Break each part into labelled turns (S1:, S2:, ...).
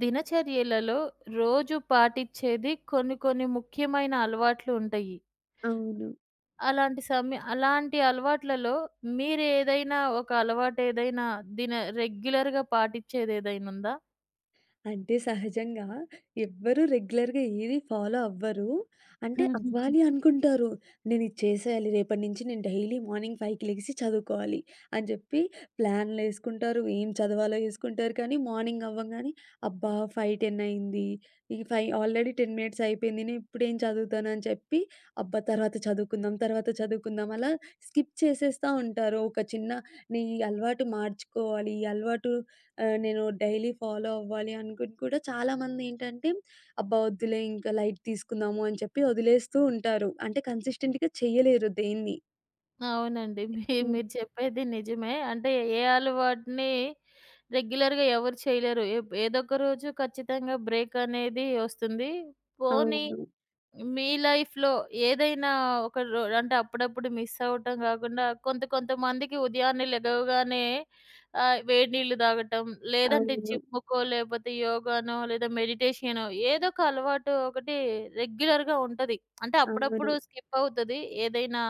S1: దినచర్యలలో రోజు పాటిచ్చేది కొన్ని, కొన్ని ముఖ్యమైన అలవాట్లు ఉంటాయి.
S2: అవును.
S1: అలాంటి సమయ అలాంటి అలవాట్లలో మీరేదైనా ఒక అలవాటేదైనా దిన రెగ్యులర్‌గా పాటిచ్చేదేదైనా ఉందా?
S2: అంటే సహజంగా ఎవ్వరూ రెగ్యులర్‌గా ఏది ఫాలో అవ్వరు. అంటే
S1: హుహుహు.
S2: అవ్వాలి అనుకుంటారు. నేనిది చేసేయాలి, రేపటి నుంచి నేను డైలీ మార్నింగ్ 5కి లెగిసి చదువుకోవాలి అని చెప్పి ప్లాన్లేసుకుంటారు, ఏం చదవాలో ఏసుకుంటారు కానీ, మార్నింగ్ అవ్వంగానే, అబ్బా! 5:10 అయింది. ఈ 5 ఆల్రెడీ 10 మినిట్స్ అయిపోయింది. నేనిప్పుడేం చదువుతాను అని చెప్పి, అబ్బా! తర్వాత చదువుకుందాం, తర్వాత చదువుకుందాం అలా స్కిప్ చేసేస్తా ఉంటారు. ఒక చిన్న నీ అలవాటు మార్చుకోవాలి, ఈ అలవాటు ఆహ్, నేను డైలీ ఫాలో అవ్వాలి అనుకుని కూడా చాలా మందేంటంటే, అబ్బా! వద్దులే ఇంక లైట్ తీసుకుందాము అని చెప్పి వదిలేస్తూ ఉంటారు. అంటే కన్సిస్టెంట్‌గా చేయలేరు దేన్నీ.
S1: అవునండి. మీ
S2: హ్మ్.
S1: మీరు చెప్పేది నిజమే. అంటే ఏ అలవాటుని, రెగ్యులర్‌గా ఎవరు చేయలేరు. ఎబ్ ఏదోక రోజు ఖచ్చితంగా బ్రేక్ అనేది ఒస్తుంది. పోనీ
S2: అవును.
S1: మీ లైఫ్‌లో ఏదైనా ఒక రో అంటే అప్పుడప్పుడు మిస్ అవ్వటం కాకుండా, కొంత, కొంత మందికి ఉదయాన్నే లెగవగానే ఆహ్, వేడి నీళ్లు తాగటం, లేదంటే
S2: అవును.
S1: జిమ్ము, కో లేకపోతే యోగానో, లేదా మెడిటేషనో ఏదోక అలవాటు ఒకటి రెగ్యులర్‌గా ఉంటది. అంటే
S2: అవును.
S1: అప్పుడప్పుడు స్కిప్ అవుతది. ఏదైనా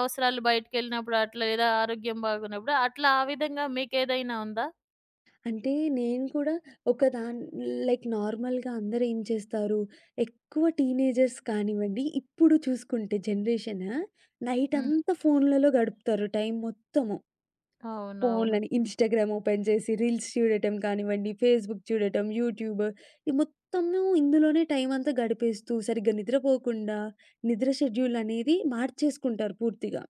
S1: అవసరాలు బయటికెళ్ళినప్పుడు అట్లా, లేదా ఆరోగ్యం బాగోన్నప్పుడు అట్లా ఆ విధంగా మీకేదైనా ఉందా?
S2: అంటే నేను కూడా ఒకదాన్ లైక్ నార్మల్‌గా అందరేం చేస్తారు, ఎక్కువ టీనేజర్స్ కానివ్వండి, ఇప్పుడు చూసుకుంటే జనరేషను, నైట్
S1: హ్మ్.
S2: అంతా ఫోన్లలో గడుపుతారు టైం మొత్తము.
S1: అవునవును.
S2: ఫోనులని ఇన్‌స్టాగ్రామ్ ఓపెన్ చేసి, రీల్స్ చూడటం కానివ్వండి, ఫేస్‌బుక్ చూడటం, యూట్యూబు. ఈ మొత్తము ఇందులోనే టైమంతా గడిపేస్తూ సరిగ్గా నిద్రపోకుండా, నిద్ర షెడ్యూలనేది మార్చేసుకుంటారు పూర్తిగా.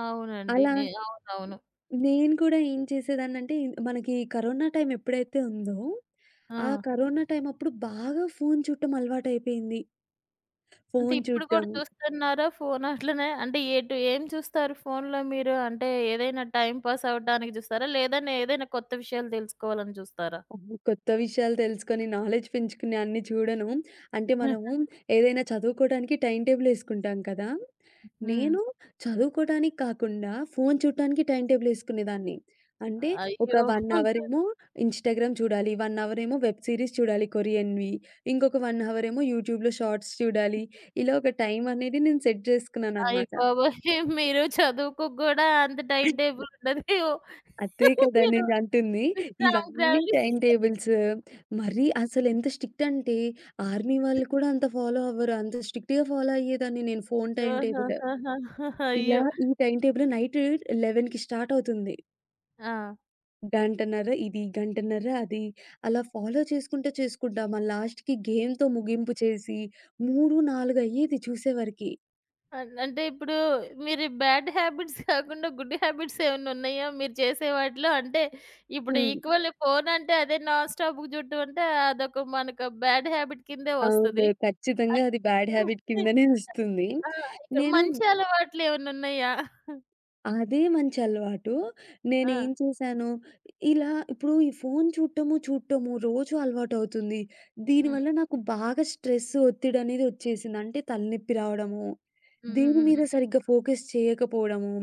S1: అవునండి.
S2: అలా
S1: నె అవునవును.
S2: నేను గూడా ఏం చేసేదాన్నంటే మనకీ కరోనా టైమ్ ఎప్పుడైతే ఉందో, ఆ
S1: ఆ!
S2: కరోనా టైమప్పుడు బాగా ఫోను చూట్టం అలవాటయిపోయింది.
S1: అంటే
S2: ఫోను
S1: ఇప్పుడు
S2: చూట్టం
S1: గూడా చూస్తున్నారా ఫోను అట్లనే? అంటే ఏటు ఏం చూస్తారు ఫోన్‌లో మీరు? అంటే ఏదైనా టైమ్ పాస్ అవ్వడానికి జూస్తారా? లేదంటే ఏదైనా కొత్త విషయాలు దెలసుకోవాలని జూస్తారా?
S2: అహ! కొత్త విషయాలు తెలుసుకొని, నాలెడ్జ్ పెంచుకునే అన్ని చూడను. అంటే మనము ఏదైనా చదువుకోడానికి టైమ్ టేబుల్ ఏసుకుంటాం కదా!
S1: హ్మ్.
S2: నేను చదువుకోడానికి కాకుండా ఫోను చూట్టానికి టైమ్ టేబుల్ ఏసుకునేదాన్ని. అంటే ఒక
S1: అయ్యో!
S2: 1 అవరేమో ఇన్‌స్టాగ్రామ్ చూడాలి, 1 అవరేమో వెబ్ సిరీస్ చూడాలి కొరియన్‌వి, ఇంకొక 1 అవరేమో యూట్యూబ్‌లో షార్ట్స్ చూడాలి. ఇలా ఒక టైమనేది నేను సెట్
S1: అయ్య
S2: జేసుకున్నాననమాట.
S1: బాబోయ్! మీరు చదువుకు గూడా అంత టైమ్ టేబుల్ ఉండదేమో,
S2: అదే కదా!
S1: మీరు
S2: నేనంటుంది. ఇవన్నీ టైమ్
S1: [unintelligible]
S2: టేబుల్స్ మరి అసలెంత స్ట్రిక్ట్ అంటే, ఆర్మీ వాళ్ళు కూడా అంత ఫాలో అవ్వరు. అంత స్ట్రిక్ట్‌గా ఫాలో అయ్యేదాన్ని నేను ఫోను టైమ్ టేబులు.
S1: అహాహాహా!
S2: ఇలా
S1: అయ్యో!
S2: ఈ టైమ్ టేబులు నైట్ 11కి స్టార్టవుతుంది.
S1: ఆ!
S2: గంటన్నర ఇది, గంటన్నర అది అలా ఫాలో చేసుకుంటా, చేసుకుంటా మా లాస్ట్‌కి గేమ్‌తో ముగింపు చేసి 3, 4 అయ్యేది చూసేవారికి.
S1: అం అంటే ఇప్పుడు మీరు బ్యాడ్ హ్యాబిట్స్ కాకుండా గుడ్ హ్యాబిట్స్ ఏమన్నా ఉన్నాయా? మీరు చేసే వాటిలో అంటే ఇప్పుడు
S2: హ్మ్.
S1: ఈక్వల్ ఫోన్ అంటే అదే నాన్‌స్టాప్‌గా చూడటం అంటే అదొక మనకు బ్యాడ్ హ్యాబిట్ కిందే
S2: అవును,
S1: వస్తది. [unintelligible]
S2: ఖచ్చితంగా
S1: అది.
S2: అది బ్యాడ్ హ్యాబిట్ కిందనే వస్తుంది.
S1: ఆ
S2: నేను
S1: మంచి అలవాట్లేమన్నా ఉన్నాయా?
S2: అదే మంచి అలవాటు. నేను
S1: ఆ!
S2: ఏం చేశాను ఇలా ఇప్పుడు ఈ ఫోన్ చూడటము, చూడటము రోజు అలవాటవుతుంది.
S1: హ్మ్.
S2: దీనివల్ల నాకు బాగా స్ట్రెస్ ఒత్తిడి అనేది వచ్చేసింది. అంటే తలనొప్పి రావడము,
S1: హ్మ్. హ్మ్.
S2: దీని
S1: హ్మ్.
S2: మీద
S1: హ్మ్.
S2: సరిగ్గా ఫోకస్ చేయకపోవడము,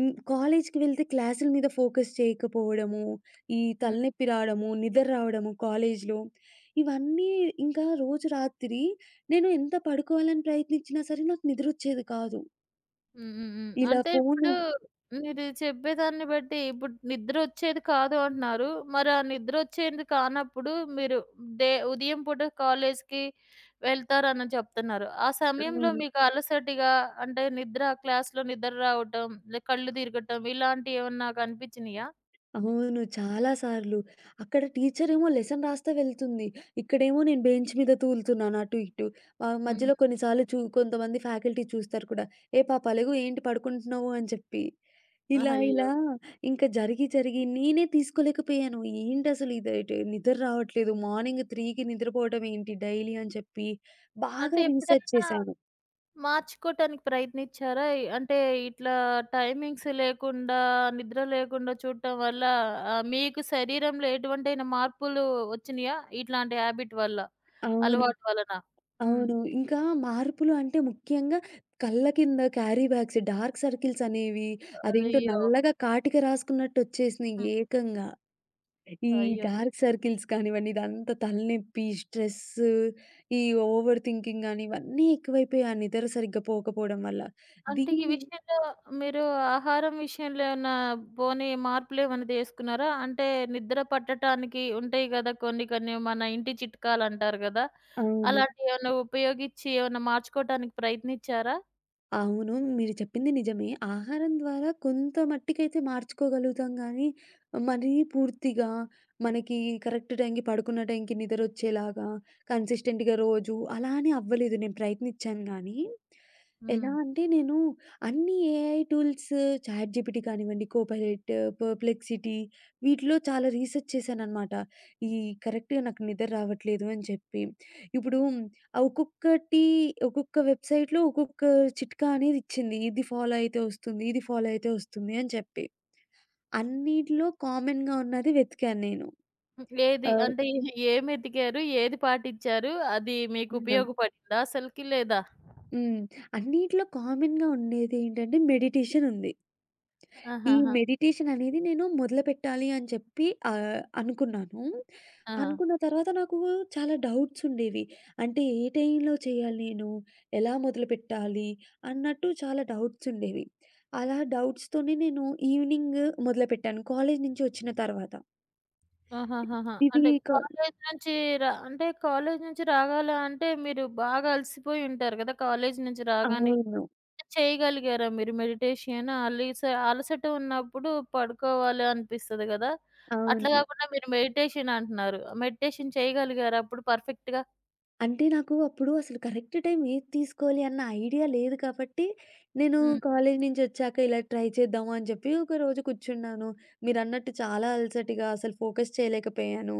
S2: ఇం కాలేజ్‌కి వెళ్తే క్లాసుల మీద ఫోకస్ చేయకపోవడము, ఈ
S1: హ్మ్.
S2: తలనొప్పి రావడము, నిద్ర రావడము కాలేజ్‌లో ఇవన్నీ. ఇంకా రోజు రాత్రి నేను ఎంత పడుకోవాలని ప్రయత్నించినా సరే నాకు నిద్ర వచ్చేది కాదు.
S1: హ్మ్. హ్మ్. హ్మ్.
S2: ఇలా
S1: అంటే
S2: ఫోన్
S1: ఇప్పుడు మీరు చెప్పేదాన్ని బట్టి ఇప్పుడు నిద్ర వచ్చేది కాదు అంటున్నారు. మరి ఆ నిద్రొచ్చేది కానప్పుడు మీరు డే ఉదయం పూట కాలేజికి వెళ్తారని చెప్తున్నారు. ఆ సమయంలో
S2: అవును.
S1: మీకు అలసటిగా అంటే నిద్ర, క్లాస్‌లో నిద్ర రావటం, లే కళ్ళు తిరగటం ఇలాంటియెవన్నా కనిపించినాయా?
S2: అవును. చాలా సార్లు అక్కడ టీచరేమో లెసన్ రాస్తా వెళ్తుంది. ఇక్కడేమో నేను బెంచ్ మీద తూలుతున్నాను అటు ఇటు.
S1: హ్మ్.
S2: మధ్యలో కొన్ని సార్లు కొంతమంది ఫ్యాకల్టీ చూస్తారు కూడా. "ఏ పాపలెగు, ఏంటి పడుకుంటున్నావు?" అని చెప్పి ఇలా
S1: ఆహా! అయ్యో!
S2: ఇలా ఇంకా జరిగి, జరిగి నేనే తీసుకోలేకపోయాను. ఏంటి అసలు ఇది? నిద్ర రావట్లేదు, మార్నింగ్ 3కి నిద్రపోవడం ఏంటి డైలీ అని చెప్పి బాగా
S1: అంటే
S2: రీసెర్చ్
S1: ఎప్పుడైనా
S2: చేశాను.
S1: మార్చుకోవటానికి ప్రయత్నిచ్చారా? అంటే ఇట్లా టైమింగ్స్ లేకుండా నిద్ర లేకుండా చూడటం వల్ల ఆహ్, మీకు శరీరంలో ఎటువంటివంటైనా మార్పులు వచ్చినియా? ఇట్లాంటి హ్యాబిట్ వల్ల,
S2: అవును,
S1: అలవాటు వలన. హ్మ్.
S2: అవును. ఇంకా మార్పులు అంటే ముఖ్యంగా కళ్ళ కింద క్యారీ బ్యాగ్స్, డార్క్ సర్కిల్స్ అనేవి అదేంటో
S1: అయ్యో!
S2: నల్లగా కాటిక రాసుకున్నట్టు వచ్చేసినాయి.
S1: హ్మ్.
S2: ఏకంగా ఈ
S1: అయ్యో!
S2: డార్క్ సర్కిల్స్ కానివ్వండి, ఇదంతా తలనొప్పి, స్ట్రెస్ ఈ ఓవర్ థింకింగ్ కానీ ఇవన్నీ ఎక్కువైపోయాయి ఆ నిద్ర సరిగ్గా పోకపోవడం వల్ల.
S1: అంటే ఈ
S2: దీన్ని
S1: విషయంలో మీరు ఆహారం విషయంలో ఏమన్నా పోనీ మార్పులేమన్నా తీసుకున్నారా? అంటే నిద్ర పట్టటానికి ఉంటాయి కదా కొన్ని కొన్ని మన ఇంటి చిట్కాలు అంటారు కదా.
S2: అవును.
S1: అలాంటియెమన్నా ఉపయోగిచ్చి ఏమన్నా మార్చుకోవటానికి ప్రయత్నిచ్చారా?
S2: అవును, మీరు చెప్పింది నిజమే. ఆహారం ద్వారా కొంత మట్టికైతే మార్చుకోగలుగుతాం. కానీ మరీ పూర్తిగా మనకి కరెక్ట్ టైంకి పడుకున్న టైంకి నిదరోచ్చేలాగా కన్సిస్టెంట్‌గా రోజు అలా అని అవ్వలేదు. నేను ప్రయత్నించాను కానీ, ఎలా
S1: హ్మ్.
S2: అంటే నేను అన్ని ఏఐ టూల్స్, చాట్ జీపీటీ కానివ్వండి, కోపైలట్, పర్ప్లెక్సిటీ వీటిలో చాలా రీసెర్చ్ చేశానన్నమాట. ఈ కరెక్ట్‌గా నాకు నిదరావట్లేదు అని చెప్పి ఇప్పుడు ఆ ఒక్కొక్కటి ఒక్కొక్క వెబ్‌సైట్‌లో ఒక్కొక్క చిట్కా అనేది ఇచ్చింది. ఇది ఫాలో అయితే వస్తుంది, ఇది ఫాలో అయితే వస్తుంది అని చెప్పి, అన్నిట్లో కామన్‌గా ఉన్నది వెతికాను నేను.
S1: హ్మ్. ఏది
S2: ఆహ్
S1: అంటే ఏమెతికారు? ఏది పాటించారు. అది మీకు
S2: హ్మ్.
S1: ఉపయోగపడిందా అసల్కి లేదా?
S2: హ్మ్, అన్నిట్లో కామన్‌గా ఉండేది ఏంటంటే మెడిటేషన్ ఉంది. ఈ
S1: ఆహాహా!
S2: మెడిటేషన్ అనేది నేను మొదలుపెట్టాలి అని చెప్పి ఆహ్, అనుకున్నాను.
S1: ఆ!
S2: అనుకున్న తర్వాత నాకు చాలా డౌట్స్ ఉండేవి. అంటే ఏ టైమ్‌లో చేయాలి? నేను ఎలా మొదలుపెట్టాలి? అన్నట్టు చాలా డౌట్స్ ఉండేవి అలా డౌట్స్‌తోనే నేను ఈవెనింగ్ మొదలుపెట్టాను, కాలేజీ నుంచి వచ్చిన తర్వాత.
S1: ఆహాహహా!
S2: ఇది
S1: అంటే
S2: క
S1: కాలేజీ నుంచి రా అంటే కాలేజీ నుంచి రావాలా, అంటే మీరు బాగా అలసిపోయి ఉంటారు కదా! కాలేజీ నుంచి రాగానే,
S2: అవును.
S1: కాని చేయగలిగారా మీరు మెడిటేషన్? అలీస అలసట ఉన్నప్పుడు పడుకోవాలి అనిపిస్తది గాదా. అట్లా
S2: అవును.
S1: గాకుండా మీరు మెడిటేషన్ అంటున్నారు. మెడిటేషన్ చేయగలిగారా? అప్పుడు పర్ఫెక్ట్‌గా.
S2: అంటే, నాకు అప్పుడు అసలు కరెక్ట్ టైమ్ ఏది తీసుకోవాలి అన్న ఐడియా లేదు కాబట్టి, నేను
S1: హ్మ్.
S2: కాలేజీ నుంచొచ్చాక ఇలా ట్రై చేద్దాము అని చెప్పి ఒకరోజు కూర్చున్నాను. మీరన్నట్టు చాలా అలసటిగా అసలు ఫోకస్ చేయలేకపోయాను.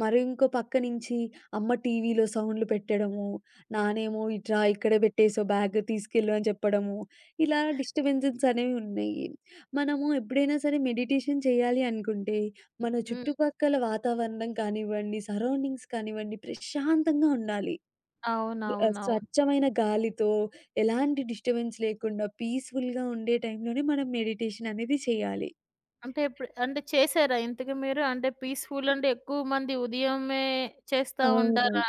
S2: మరి ఇంకో పక్కనుంచి అమ్మ టీవీలో సౌండ్‌లు పెట్టడము, నానేమో, "ఇటు రా ఇక్కడే పెట్టేసేవు బ్యాగ్ తీసుకెళ్లు" అని చెప్పడము. ఇలా డిస్టర్బెన్సెస్ అనేవున్నాయి. మనము ఎప్పుడైనా సరే మెడిటేషన్ చేయాలి అనుకుంటే, మన
S1: హ్మ్.
S2: చుట్టుపక్కల వాతావరణం కానివ్వండి, సరౌండింగ్స్ కానివ్వండి, ప్రశాంతంగా ఉండాలి. ఆహ్,
S1: అవునవునవును.
S2: స్వచ్ఛమైన గాలితో, ఎలాంటి డిస్టర్బెన్స్ లేకుండా పీస్‌ఫుల్‌గా ఉండే టైమ్‌లోనే మనం మెడిటేషన్ అనేది చేయాలి.
S1: అంటే, ఇప్పుడు అంటే చేశారా ఇంతకి మీరు? అంటే పీస్‌ఫుల్ అంటే ఎక్కువ మంది ఉదయమే చేస్తా
S2: అవును.
S1: ఉంటారా?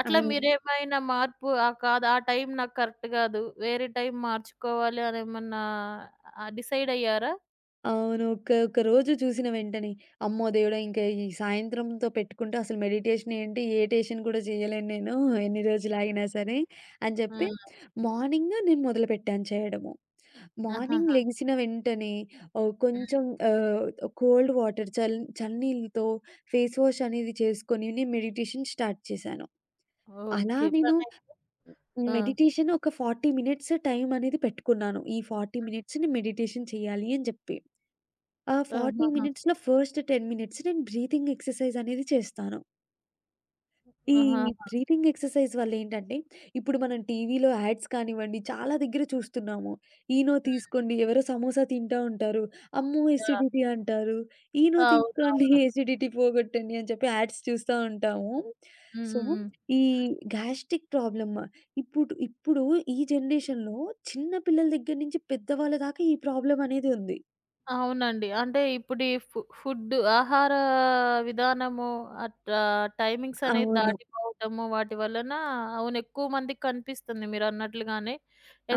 S1: అట్లా
S2: అవును.
S1: మీరేమైనా మార్పు ఆ! కాదు, ఆ టైం నాకు కరెక్ట్ కాదు. వేరే టైం మార్చుకోవాలని, ఏమన్నా డిసైడయ్యారా?
S2: అవును. ఒక ఒక రోజు చూసిన వెంటనే అమ్మో దేవుడా! ఇంకా ఈ సాయంత్రంతో పెట్టుకుంటే అసలు మెడిటేషన్ ఏంటి? ఏ టేషను కూడా చేయలేను నేను. ఎన్ని రోజులు ఆగినా సరే. అని చెప్పి
S1: హ్మ్.
S2: మార్నింగు నేను మొదలుపెట్టాను చేయడము. మార్నింగ్
S1: ఆహాహా!
S2: లెగిసిన వెంటనే, ఒ
S1: హ్మ్.
S2: కొంచెం ఆహ్, కోల్డ్ వాటర్ చ చల్ల నీళ్లతో ఫేస్ వాష్ అనేది చేసుకొని, నేను మెడిటేషన్ స్టార్ట్ చేశాను. అలా
S1: ఓకే.
S2: నేను
S1: పనైతే ఆ!
S2: మెడిటేషన్ ఒక 40 మినిట్స్ టైం అనేది పెట్టుకున్నాను. ఈ 40 మినిట్స్‌ని మెడిటేషన్ చేయాలి అని చెప్పి. ఆ 40
S1: ఆహాహా!
S2: మినిట్స్‌లో ఫస్ట్ 10 మినిట్స్ నేను బ్రీతింగ్ ఎక్సర్‌సైజ్ అనేది చేస్తాను. ఈ
S1: ఆహాహా!
S2: బ్రీతింగ్ ఎక్సర్సైజ్ వల్ల ఏంటంటే ఇప్పుడు మనం టీవీలో యాడ్స్ కానివ్వండి చాలా దగ్గర చూస్తున్నాము. ఈనో
S1: హ్మ్.
S2: తీసుకోండి, ఎవరో సమోసా తింటా ఉంటారు. అమ్మో
S1: ఆ!
S2: ఎసిడిటీ అంటారు. ఈనో తీసుకోండి,
S1: అవునవును.
S2: ఎసిడిటీ పోగొట్టండి అని చెప్పి యాడ్స్ చూస్తా ఉంటాము.
S1: హ్మ్,
S2: సో,
S1: హ్మ్, హ్మ్.
S2: ఈ గాస్ట్రిక్ ప్రాబ్లమ్ ఇప్పుడు ఇప్పుడు ఈ జనరేషన్‌లో చిన్న పిల్లల దగ్గర నుంచి పెద్ద వాళ్ల దాకా ఈ ప్రాబ్లమ్ అనేది ఉంది.
S1: అవునండి. అంటే ఇప్పుడీ ఫు ఫుడ్ ఆహార విధానము అట్లా టైమింగ్స్ అనేవి
S2: అవును.
S1: దాటిపోవటము. వాటి వలన అవును ఎక్కువ మందికి కనిపిస్తుంది. మీరన్నట్లుగానే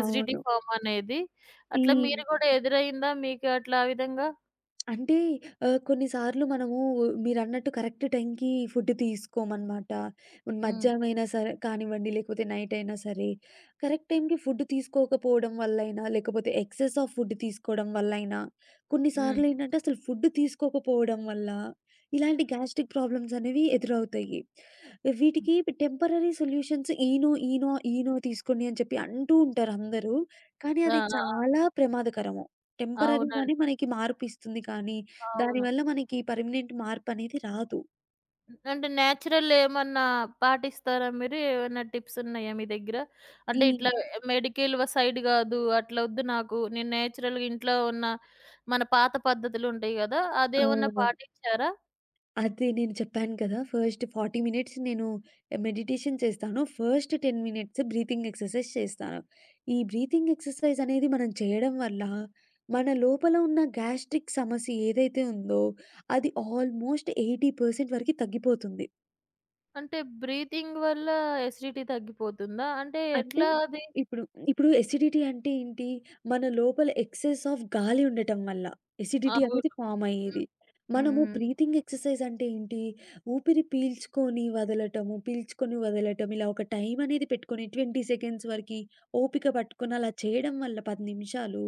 S1: ఎసిడిటీ ప్రాబ్లమ్ అనేది
S2: ఈ
S1: అట్లా మీరు గూడా ఎదురైదా? మీకు అట్లా ఆ విధంగా?
S2: అంటే ఆహ్, కొన్నిసార్లు మనము మీరన్నట్టు కరెక్ట్ టైమ్‌కి ఫుడ్ తీసుకోమనమాట. పోన్
S1: హ్మ్.
S2: మధ్యాహ్నం అయినా సరే కానివ్వండి, లేకపోతే నైట్ అయినా సరే కరెక్ట్ టైమ్‌కి ఫుడ్ తీసుకోకపోవడం వల్లయినా, లేకపోతే ఎక్సెస్ ఆఫ్ ఫుడ్ తీసుకోవడం వల్లయినా,
S1: హ్మ్.
S2: కొన్నిసార్లు ఏంటంటే అసలు ఫుడ్ తీసుకోకపోవడం వల్ల ఇలాంటి గ్యాస్ట్రిక్ ప్రాబ్లమ్స్ అనేవి ఎదురవుతాయి. వీటికి temporary solutions Eno, Eno, Eno తీసుకోండి అని చెప్పి అంటూ ఉంటారు అందరూ. కానీ
S1: ఆ!
S2: అది
S1: ఆ! ఆ!
S2: చాలా ప్రమాదకరము. టెంపరరీ
S1: అవునండి.
S2: గానే మనకి మార్పు ఇస్తుంది. కానీ దాని
S1: అవును.
S2: వల్ల మనకి పర్మనెంట్ మార్పనేది రాదు.
S1: అంటే నేచురల్‌ ఏమన్నా పాటిస్తారా? మీరు ఏమన్నా టిప్స్ ఉన్నాయా? మీ దగ్గర
S2: ఈ
S1: అంటే ఇట్లా మెడికల్ సైడ్ గాదు. అట్లా వద్దు. నాకు నేను నేచురల్‌గా ఇంట్లో ఉన్న మన పాత పద్ధతులుంటాయి గదా! అదేమన్నా
S2: అవును.
S1: పాటిచ్చారా?
S2: అదే. నేను చెప్పాను కదా! ఫస్ట్ 40 మినిట్స్ నేను మెడిటేషన్ చేస్తాను. ఫస్ట్ 10 మినిట్స్ బ్రీతింగ్ ఎక్సర్సైజ్ చేస్తాను. ఈ బ్రీతింగ్ ఎక్సర్సైజ్ అనేది మనం చేయడం వల్ల మన లోపల ఉన్న గ్యాస్ట్రిక్ సమస్య ఏదైతే ఉందో అది ఆల్మోస్ట్ 80% వరకి తగ్గిపోతుంది.
S1: అంటే బ్రీతింగ్ వల్ల ఎసిడిటీ తగ్గిపోతుందా? అంటే
S2: అంటే
S1: ఎట్లా అది?
S2: ఇప్పుడు ఇప్పుడు ఎసిడిటీ అంటే ఏంటి? మన లోపల ఎక్సెస్ ఆఫ్ గాలి ఉండటం వల్ల. ఎసిడిటీ
S1: అవును.
S2: అనేది ఫార్మ్
S1: హ్మ్,
S2: అయ్యేది. మనము
S1: హ్మ్.
S2: బ్రీతింగ్ ఎక్సర్సైజ్ అంటే ఏంటి? ఊపిరి పీల్చుకొని వదలటము, పీల్చుకొని వదలటం. ఇలా ఒక టైం అనేది పెట్టుకొని 20 సెకండ్స్ వరకి ఓపిక పట్టుకొని అలా చేయడం వల్ల 10 నిమిషాలు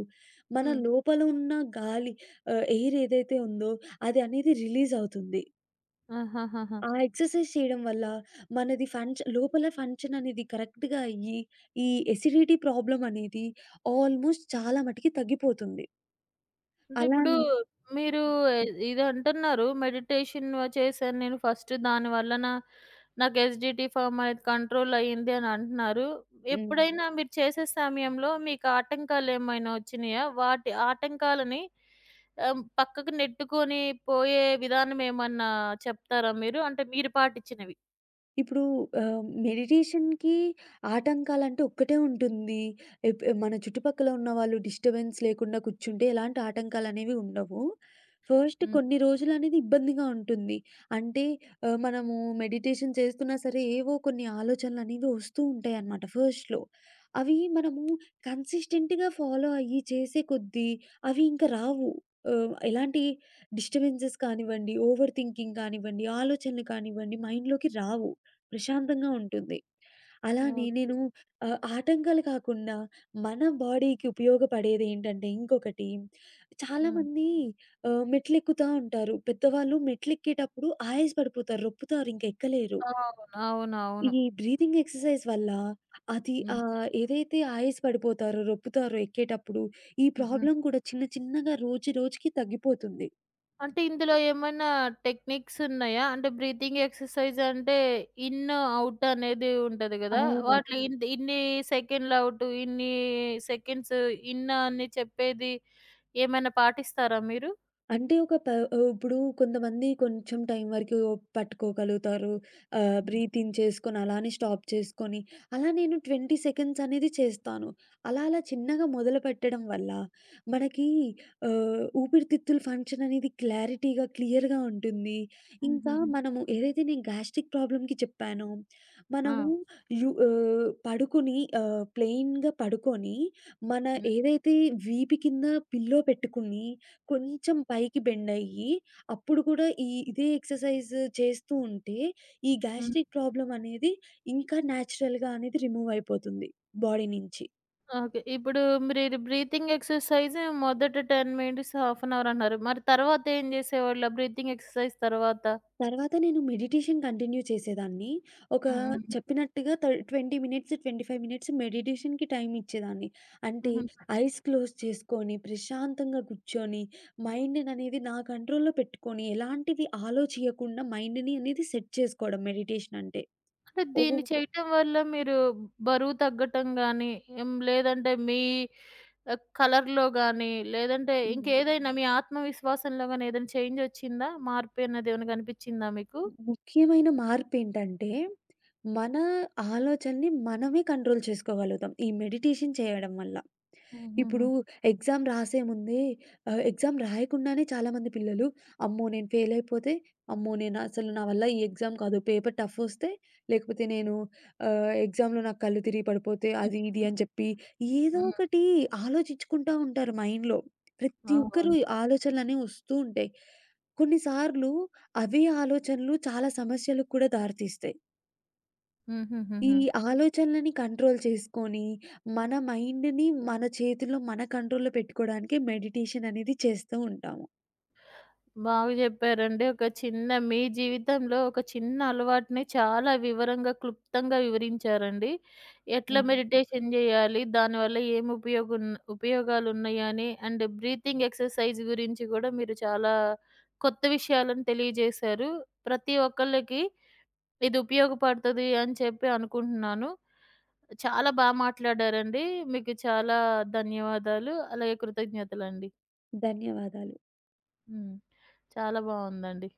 S2: మన
S1: హ్మ్.
S2: లోపల ఉన్న గాలి ఆహ్, ఎయిర్ ఏదైతే ఉందో అది అనేది రిలీజవుతుంది.
S1: ఆహహహా!
S2: ఆ ఎక్సర్సైజ్ చేయడం వల్ల మనది ఫంక్ష లోపల ఫంక్షన్ అనేది కరెక్ట్‌గా అయ్యి ఈ ఎసిడిటీ ప్రాబ్లమ్ అనేది ఆల్మోస్ట్ చాలా మటికి తగ్గిపోతుంది.
S1: అంటే ఇప్పుడు
S2: అలానే
S1: మీరు ఇదంటున్నారు. మెడిటేషన్ చేశాను నేను. ఫస్ట్ దాని వలన నాకు ఎసిడిటీ ఫార్మ్ అనేది కంట్రోల్ అయింది అని అంటున్నారు.
S2: హ్మ్.
S1: ఎప్పుడైనా మీరు చేసే సమయంలో మీకు ఆటంకాలేమైనా వచ్చినాయా? వాటి ఆటంకాలని ఆహ్, పక్కకు నెట్టుకొని పోయే విధానం ఏమన్నా చెప్తారా మీరు? అంటే మీరు పాటిచ్చినవి.
S2: ఇప్పుడు ఆహ్, మెడిటేషన్‌కి ఒక్కటే ఉంటుంది. ఎప్ మన చుట్టుపక్కల ఉన్న వాళ్ళు డిస్ట బెన్స్ లేకుండా కూర్చుంటే ఎలాంటి ఆటంకాలనేవి ఉండవు. ఫస్ట్
S1: హ్మ్.
S2: కొన్ని రోజులనేది ఇబ్బందిగా ఉంటుంది. అంటే ఆహ్, మనము మెడిటేషన్ చేస్తున్నా సరే ఏవో కొన్ని ఆలోచనలనేవి ఒస్తూ ఉంటాయి అనమాట. ఫస్ట్‌లో అవి మనము కన్సిస్టెంట్‌గా ఫాలో అయ్యి చేసే కొద్దీ అవి ఇంక రావు. ఆహ్, ఎలాంటి డిస్టబెన్సెస్ కానివ్వండి, ఓవర్ థింకింగ్ కానివ్వండి, ఆలోచనలు కానివ్వండి మైండ్‌లోకి రావు. ప్రశాంతంగా ఉంటుంది. అలానే
S1: ఓకే.
S2: నేను ఆహ్, ఆటంకాలు కాకుండా మన బాడీకి ఉపయోగపడేదేంటంటే ఇంకొకటి
S1: హ్మ్.
S2: చాలామంది ఆహ్, మెట్లెక్కుతా ఉంటారు. పెద్దవాళ్ళు మెట్లు ఎక్కేటప్పుడు ఆయాస పడిపోతారు, రొప్పుతారు, ఇంక ఎక్కలేరు.
S1: అవును.
S2: ఈ
S1: అవునవును.
S2: బ్రీతింగ్ ఎక్సర్సైజ్ వల్ల అది
S1: హ్మ్.
S2: అహ్, ఏదైతే ఆయాస పడిపోతారో, రొప్పుతారో ఎక్కేటప్పుడు ఈ
S1: హుహు.
S2: ప్రాబ్లమ్ కూడా చిన్న చిన్నగా రోజు రోజుకి తగ్గిపోతుంది.
S1: అంటే ఇందులో ఏమైనా టెక్నిక్స్ ఉన్నాయా? అంటే, బ్రీతింగ్ ఎక్సర్సైజంటే ఇన్, ఔట్ అనేది ఉంటది గదా!
S2: అవును.
S1: వాటిలో ఇంద్ ఇన్ని సెకన్లు ఔట్ ఇన్ని సెకండ్స్ ఇన్ అని చెప్పేది ఏమైనా పాటిస్తారా మీరు?
S2: అంటే ఒక ప ఆహ్, ఇప్పుడు కొంతమంది కొంచెం టైం వరకు పట్టుకోగలుగుతారు ఆహ్,
S1: హ్మ్.
S2: బ్రీతింగ్ చేసుకొని, అలానే స్టాప్ చేసుకొని. అలా నేను 20 సెకండ్స్ అనేది చేస్తాను. అలా అలా చిన్నగా మొదలుపెట్టడం వల్ల మనకి ఊపిరితిత్తులు ఫంక్షననేది క్లారిటీగా, క్లియర్‌గా ఉంటుంది. ఇంకా
S1: హుహుహు.
S2: మనము ఏదైతే నేను గ్యాస్ట్రిక్ ప్రాబ్లమ్‌కి చెప్పానో మనము
S1: ఆ!
S2: రు ఆహ్, పడుకొని ప్లెయిన్‌గా పడుకొని, మన
S1: హ్మ్.
S2: ఏదైతే వీపు కింద పిల్లో పెట్టుకుని కొంచెం పైకి బెండయ్యి, అప్పుడు కూడా ఈ ఇదే ఎక్సర్సైజ్ చేస్తూ ఉంటే, ఈ
S1: హ్మ్.
S2: గ్యాస్ట్రిక్ ప్రాబ్లమనేది ఇంకా న్యాచురల్‌గా అనేది రిమూవ్ అయిపోతుంది బాడీ నుంచి.
S1: ఓకే, ఇప్పుడు మీరు బ్రీతింగ్ ఎక్సర్సైజ్ మొదటి ten minutes, half an hour అన్నారు. మరి తర్వాత ఏం చేసేవాళ్ళు బ్రీతింగ్ ఎక్సర్సైజ్ తర్వాత?
S2: తర్వాత నేను మెడిటేషన్ కంటిన్యూ చేసేదాన్ని. ఒక
S1: హ్మ్.
S2: చెప్పినట్టుగా త 20 మినిట్స్, 25 మినిట్స్ మెడిటేషన్‌కి టైం ఇచ్చేదాన్ని. అంటే
S1: హుహుహు.
S2: ఐస్ క్లోజ్ చేసుకొని ప్రశాంతంగా కూర్చొని, మైండ్‌‌ననేది నా కంట్రోల్‌లో పెట్టుకొని, ఎలాంటిది ఆలోచియ్యకుండా మైండ్‌ని అనేది సెట్ చేసుకోవడం మెడిటేషన్ అంటే.
S1: అంటే
S2: ఓ
S1: దీన్ని చేయటం వల్ల మీరు బరువు తగ్గటం గాని, లేదంటే మీ కలర్‌లో గానీ, లేదంటే
S2: హ్మ్.
S1: ఇంకేదైనా మీ ఆత్మవిశ్వాసంలో గాని ఏదైనా చేంజ్ వచ్చిందా? మార్పు అన్నది ఏమైనా గనిపించిందా మీకు?
S2: ముఖ్యమైన మార్పేంటంటే, మన ఆలోచనని మనమే కంట్రోల్ చేసుకోగలుగుతాం, ఈ మెడిటేషన్ చేయడం వల్ల. ఇప్పుడు
S1: హుహుహు.
S2: ఎగ్జామ్ రాసేముందే ఆహ్, ఎగ్జామ్ రాయకుండానే చాలామంది పిల్లలు "అమ్మో నేను ఫెయిల్ అయిపోతే, అమ్మో నేను అసలు నా వల్ల ఈ ఎగ్జామ్ కాదు, పేపర్ టఫ్ఫొస్తే, లేకపోతే ఆహ్, నేను ఎగ్జామ్‌లో నాకు కళ్ళు తిరిగి పడిపోతే," అది ఇది
S1: హ్మ్.
S2: అని చెప్పి ఏదో
S1: హ్మ్.
S2: ఒకటి ఆలోచిచ్చుకుంటా ఉంటారు మైండ్‌లో. ప్రతి
S1: అవును.
S2: ఒక్కరికి ఆలోచనలు అనేవి వస్తూ ఉంటాయి. కొన్ని సార్లు అవి ఆలోచనలు చాలా సమస్యలకు కూడా దారితీస్తాయి.
S1: హుహు.
S2: ఈ
S1: హుహు.
S2: ఆలోచనలని కంట్రోల్ చేసుకొని, మన మైండ్‌ని మన చేతుల్లో, మన కంట్రోల్‌లో పెట్టుకోడానికే మెడిటేషన్ అనేది చేస్తూ ఉంటాము.
S1: బాగా జెప్పారండి. ఒక చిన్న మీ జీవితంలో ఒక చిన్న అలవాటుని చాలా వివరంగా, క్లుప్తంగా వివరించారండి. ఎట్లా
S2: హ్మ్.
S1: మెడిటేషన్ జెయ్యాలి? దానివల్ల ఏమి ఉపయోగం, ఉపయోగాలు ఉన్నాయని. అండ్ బ్రీతింగ్ ఎక్సర్సైజ్ గురించి గూడా మీరు చాలా కొత్త విషయాలను తెలియజేశారు. ప్రతి ఒక్కళ్ళకి ఇది ఉపయోగపడుతది అని చెప్పి అనుకుంటున్నాను. చాలా బా మాట్లాడారండి. మీకు చాలా ధన్యవాదాలు, అలాగే కృతజ్ఞతలండి.
S2: ధన్యవాదాలు.
S1: హ్మ్. చాలా బావుందండి.